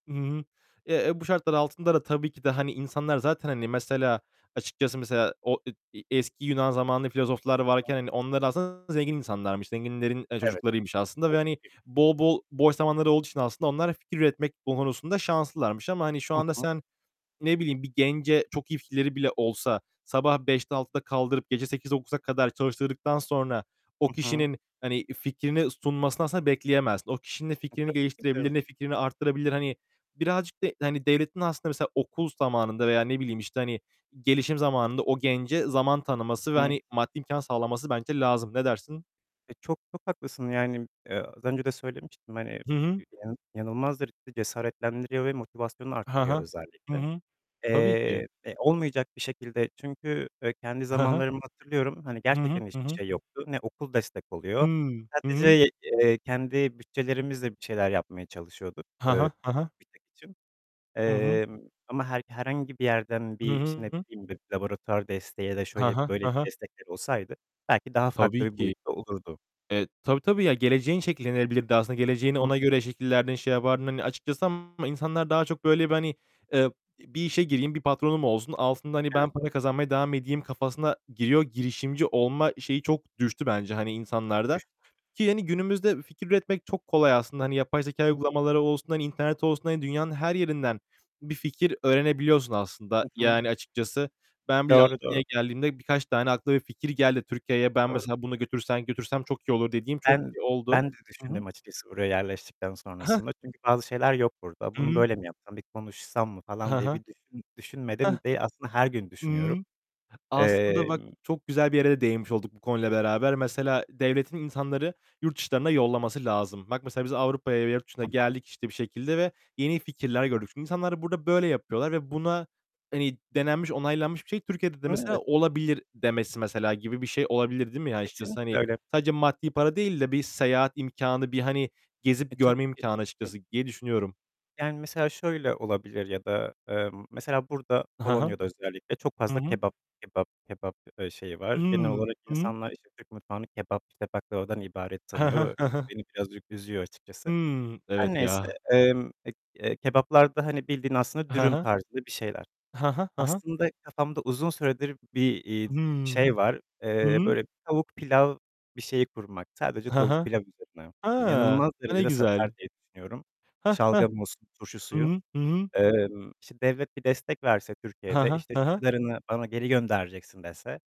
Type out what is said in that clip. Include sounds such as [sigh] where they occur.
Hı hı. Eee, bu şartlar altında da tabii ki de hani insanlar zaten hani mesela, açıkçası mesela, o, e eski Yunan zamanlı filozoflar Hı hı. varken hani onlar aslında zengin insanlarmış. Zenginlerin, eee, Evet. çocuklarıymış aslında ve hani [unintelligible] bol bol, boş zamanları olduğu için aslında onlar fikir üretmek konusunda şanslılarmış ama hani şu Hı anda hı. sen, ne bileyim bir gence çok iyi fikirleri bile olsa, sabah 5.00'te 6.00'da kaldırıp gece 8.00'e - 9.00'a kadar çalıştırdıktan sonra Hı o hı. kişinin hani fikrini sunmasını aslında bekleyemezsin. O kişinin ne fikrini [unintelligible] geliştirebilir, ne fikrini arttırabilir? Hani birazcık da hani devletin aslında mesela, okul zamanında veya ne bileyim işte hani gelişim zamanında o gence zaman tanıması ve Hı hı. hani maddi imkân sağlaması bence lazım. Ne dersin? Eee, çok, çok haklısın yani, eee, az önce de söylemiştim hani, Hı hı. yani, inanılmazdır. Cesaretlendiriyor ve motivasyonu Ha arttırıyor ha. Hı özellikle. hı, tabii ki. Eee, eee, olmayacak bir şekilde çünkü, eee, kendi Hı hı. zamanlarımı hatırlıyorum. Hani Hı hı. gerçekten Hı hiçbir hı. şey yoktu. Ne okul destek oluyor. Hıı, hı hı. Sadece, eee, kendi bütçelerimizle bir şeyler yapmaya çalışıyorduk. Ha ha, ha ha. [unintelligible] Hı hı. Eee, ama her herhangi bir yerden Hı bir, işte ne hı. bileyim, bir laboratuvar desteği ya da Ha şöyle ha, böyle ha bir ha. destekler olsaydı, belki daha farklı Tabii bir ki. boyutta olurdu. Eee, tabii tabii ya. Geleceğin şekillenebilirdi. Aslında Hı geleceğini hı. ona göre şekillerden şey yapardın hani açıkçası ama insanlar daha çok böyle bir hani, eee, bir işe gireyim, bir patronum olsun, altında hani ben Evet. para kazanmaya devam edeyim kafasına giriyor. Girişimci olma şeyi çok düştü bence hani insanlarda. [unintelligible] Ki hani günümüzde fikir üretmek çok kolay aslında. Hani yapay zekâ [unintelligible] uygulamaları olsun, hani internet olsun, hani dünyanın her yerinden bir fikir öğrenebiliyorsun aslında Hı hı. yani açıkçası. Ben bile Doğru, doğru. Almanya'ya geldiğimde birkaç tane aklıma bir fikir geldi Türkiye'ye. Ben Doğru. mesela, bunu götürsem götürsem çok iyi olur dediğim çok Ben, oldu. ben de Hı hı. düşündüm açıkçası oraya yerleştikten Heh. sonrasında, çünkü bazı şeyler yok burada. Hı Bunu hı. böyle mi yapsam? Bir konuşsam mı Hı falan diye hı. bir düşün Heh. düşünmedim de aslında her gün düşünüyorum. Imm. Aslında bak Emm çok güzel bir yere de değinmiş olduk bu konuyla beraber. Mesela, devletin insanları yurt dışlarına yollaması lazım. Bak mesela biz Avrupa'ya ve yurt dışına Hı hı. geldik işte bir şekilde ve yeni fikirler gördük. Şimdi insanlar burada böyle yapıyorlar ve buna hani denenmiş, onaylanmış bir şey, Türkiye'de de Hı, mesela evet. olabilir demesi mesela gibi bir şey olabilir değil mi? Açıkçası Kesinlikle hani öyle. sadece maddi para değil de bir seyahat imkânı, bir hani E, gezip tabii görme ki, imkânı tabii ki. açıkçası diye düşünüyorum. Yani mesela şöyle olabilir ya da, eee, mesela burada, He he. Polonya'da özellikle çok Hı fazla hı. kebap kebap kebap, eee, şeyi Hıı. var. Genel olarak Hı hı. insanlar işte Türk mutfağını kebap, işte baklavadan ibaret He he. tanıyor. He he. Beni birazcık üzüyor açıkçası. Hımm. Her Evet neyse. ya. Emm, eee, e kebaplarda hani bildiğin aslında He dürüm he. tarzında bir şeyler. He he, he he. Aslında kafamda uzun süredir bir, iii, Hımm. şey var. Hı Eee, hı. böyle tavuk pilav bir şeyi kurmak. Sadece He tavuk he. pilav üzerine. He, İnanılmaz a, ne derecede satar güzel. diye düşünüyorum. Heh heh. Şalgam olsun, turşu Hı suyu... hı. Hı hı. Emm, işte devlet bir destek verse He Türkiye'de, he, işte he şu he. kadarını bana geri göndereceksin dese